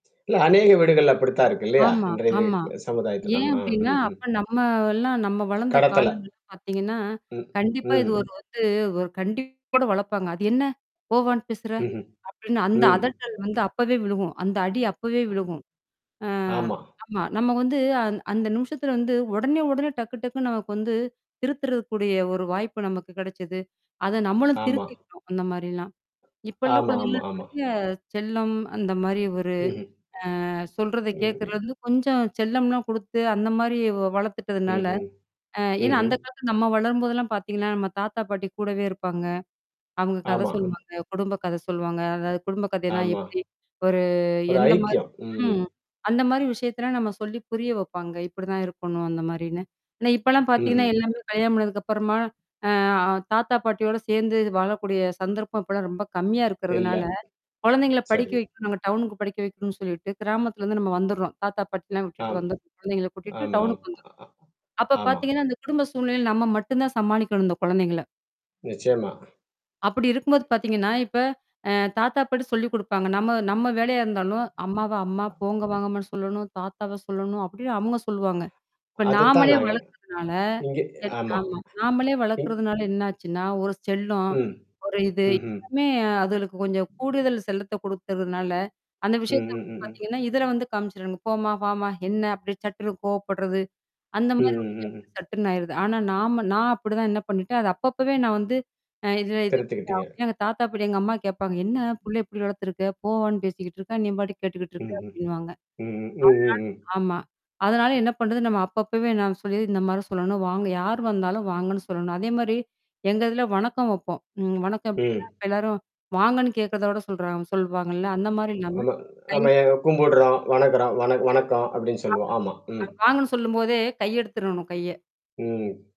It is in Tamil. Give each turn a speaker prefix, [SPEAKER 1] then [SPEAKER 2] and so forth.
[SPEAKER 1] இல்ல அநேக வீடுகள்ல அப்படித்தான் இருக்கு இல்லையா!
[SPEAKER 2] ஆமா,
[SPEAKER 1] இன்றைய தி
[SPEAKER 2] ஆமா,
[SPEAKER 1] க்கு சமுதாயத்துல.
[SPEAKER 2] ஏன்?
[SPEAKER 1] ஆமா
[SPEAKER 2] அப்படின்னா,
[SPEAKER 1] ம் ம்.
[SPEAKER 2] அப்போ நம்ம எல்லாம் நம்ம வளந்த
[SPEAKER 1] கடத்தல.
[SPEAKER 2] காலங்கள்ல பாத்தீங்கன்னா,
[SPEAKER 1] ம்,
[SPEAKER 2] கண்டிப்பா இது
[SPEAKER 1] ம்.
[SPEAKER 2] ஒரு வந்து ஒரு கண்டிப்போட வளப்பாங்க. "அது என்னா? போ, வான்னு பேசுற?"
[SPEAKER 1] ம்ஹ்ம்.
[SPEAKER 2] அப்படின்னு, அந்த
[SPEAKER 1] ம்.
[SPEAKER 2] அதட்டல் வந்து அப்பவே விழுகும், அந்த அடி அப்பவே
[SPEAKER 1] அ
[SPEAKER 2] விழுகும். அ
[SPEAKER 1] ஆமா.
[SPEAKER 2] ஆமா. நம்ம வந்து, அ அந்த நிமிஷத்தில வந்து உடனே உடனே, டக்கு டக்குன்னு நமக்கு வந்து திருத்துறதுக்கூடிய ஒரு வாய்ப்பு நமக்கு கெடைச்சது. அத நம்மளும்
[SPEAKER 1] ஆமா.
[SPEAKER 2] திருத்திக்கிட்டோம், அந்த மாரிலாம். இப்போ உள்ள
[SPEAKER 1] ஆமா, ஆமா,
[SPEAKER 2] குழந்தைங்கலாம்
[SPEAKER 1] ஆமா.
[SPEAKER 2] நெறையா செல்லம், அந்த மாரி ஒரு
[SPEAKER 1] ம்ஹ்ம்.
[SPEAKER 2] அ சொல்றத கேக்குறது
[SPEAKER 1] ம்ஹ்ம்.
[SPEAKER 2] வந்து கொஞ்சம் செல்லம்லாம் குடுத்து, அந்த மாரி வ வளத்துட்டதுனால
[SPEAKER 1] ம்ஹ்ம்,
[SPEAKER 2] அ ஏன்னா?
[SPEAKER 1] ம்ஹ்ம்.
[SPEAKER 2] அந்த காலத்தில நம்ம வளரும்போதெல்லாம் பாத்திங்கன்னா, நம்ம தாத்தா பாட்டி கூடவே இருப்பாங்க. அவுங்க கத
[SPEAKER 1] ஆமா.
[SPEAKER 2] சொல்லுவாங்க குடும்ப கத சொல்லுவாங்க அதாவது குடும்ப கதைன்னா,
[SPEAKER 1] ஆமா.
[SPEAKER 2] எப்படி ஒரு
[SPEAKER 1] ஒரு
[SPEAKER 2] எந்த மாரி
[SPEAKER 1] ஐக்கியம், ம்.
[SPEAKER 2] ம், அந்த மாரி விஷயத்தலாம் நம்ம சொல்லி, புரிய வைப்பாங்க இப்படிதான் இருக்கணும், அந்த மாரின்னு. ஆனா, இப்போலாம் பாத்தீங்கன்னா,
[SPEAKER 1] ம்ஹ்ம்.
[SPEAKER 2] எல்லாமே கல்யாணம் பண்ணதுக்கு அப்புறமா, அ தாத்தா பாட்டியோட சேந்து வாழக்கூடிய சந்தர்ப்பம் இப்போலாம் ரொம்ப கம்மியா
[SPEAKER 1] இல்ல.
[SPEAKER 2] இருக்கிறதுனால, கொழந்தைங்கள படிக்க
[SPEAKER 1] சரி.
[SPEAKER 2] வைக்கணும் நாங்க டவுனுக்கு படிக்க வைக்கணும்ன்னு சொல்லிட்டு, கிராமத்துலருந்து நம்ம வந்துர்றோம். தாத்தா, பாட்டியெல்லாம் விட்டுட்டு
[SPEAKER 1] ஆம்,
[SPEAKER 2] வந்து குழந்தைங்களை கூட்டிட்டு
[SPEAKER 1] ஆமாம்.
[SPEAKER 2] டவுனுக்கு
[SPEAKER 1] அ
[SPEAKER 2] வந்துர்றோம்.
[SPEAKER 1] ஆ
[SPEAKER 2] அப்போ
[SPEAKER 1] ஆமா.
[SPEAKER 2] பாத்தீங்கன்னா, அந்த குடும்ப சூழ்நிலையில நம்ம மட்டும் தான் சமாளிக்கணும் இந்த கொழந்தைங்கள.
[SPEAKER 1] நிச்சயமா.
[SPEAKER 2] அப்படி இருக்கும்போது பாத்திங்கன்னா, இப்போ அ தாத்தா, பாட்டி சொல்லிக் குடுப்பாங்க. நம்ம நம்ம வேலையா இருந்தாலும், அம்மாவை அம்மா போங்க வாங்கம்மான்னு சொல்லணும்! தாத்தாவை சொல்லணும், அப்படின்னு அவுங்க சொல்லுவாங்க. இப்போ
[SPEAKER 1] அதுத்தான்
[SPEAKER 2] நாமளே
[SPEAKER 1] நாங்க
[SPEAKER 2] வளக்குறதுனால
[SPEAKER 1] இங்கே ஆமா,
[SPEAKER 2] ஆமா, நாமளே
[SPEAKER 1] ம்
[SPEAKER 2] வளக்கறதுனால என்னாச்சுன்னா? ஒரு செல்லம்,
[SPEAKER 1] ம்,
[SPEAKER 2] ஒரு இது
[SPEAKER 1] ம்ஹ்ம்,
[SPEAKER 2] எல்லாமே அதுங்களுக்கு கொஞ்சம் கூடுதல் செல்லத்த கொடுத்துர்றதுனால, அந்த
[SPEAKER 1] ம்,
[SPEAKER 2] விஷயத்தை
[SPEAKER 1] ம்,
[SPEAKER 2] வந்து
[SPEAKER 1] ம், ம்.
[SPEAKER 2] பாத்திங்கன்னா, இதில வந்து காமிச்சிருவாங்க. "போம்மா! வாம்மா! என்னா?"அப்படியே சட்டுன்னு கோவப்படுறது, அந்த
[SPEAKER 1] ம்,
[SPEAKER 2] மாதிரி
[SPEAKER 1] ம்,
[SPEAKER 2] விஷயம்
[SPEAKER 1] ம், ம்.
[SPEAKER 2] வந்து சட்டுன்னு ஆயிருது. ஆனா, நாம் நான் அப்படிதான் என்னா பண்ணிட்டேன், அது அப்பப்பவே நான் வந்து அ இதில இது
[SPEAKER 1] திருத்திக்கிட்டீங்க.
[SPEAKER 2] [unintelligible] எங்க தாத்தா, பாட்டி எங்க அம்மா கேட்பாங்க, "என்னா? புள்ளைய இப்படி வளத்துருக்க? போ, வான்னு பேசிக்கிட்ருக்கேன் நீம்பாட்டுக்கு கேட்டுக்கிட்டுருக்க!"
[SPEAKER 1] ம்,
[SPEAKER 2] அப்படின்னுவாங்க
[SPEAKER 1] ம், ம், ம்.
[SPEAKER 2] அதனால ஆமா. அதனால என்னா பண்ணுறது? நம்ம அப்பப்பவே நான் சொல்லிர்றது, இந்த மாரி சொல்லணும். வாங்க யார் வந்தாலும் வாங்கன்னு சொல்லணும். அதே மாரி எங்க இதில வணக்கம் வப்போம். ம் வணக்கம் எப்படின்னா,
[SPEAKER 1] ம்.
[SPEAKER 2] இப்போ எல்லாரும் வாங்கன்னு கேக்கிறதோட சொல்றாங்க சொல்லுவாங்கல்ல!? அந்த மாரி இல்லாம
[SPEAKER 1] ஆமா,
[SPEAKER 2] கை
[SPEAKER 1] ஆமா. எ கும்பிடுறோம், வணங்குறோம் வணக் வணக்கம் அப்டீன்னு சொல்லுவோம்,
[SPEAKER 2] ஆமா,
[SPEAKER 1] ஆமா.ம்.
[SPEAKER 2] அது வாங்கன்னு சொல்லும்போதே, கை எடுத்துறனும், கைய
[SPEAKER 1] ம்.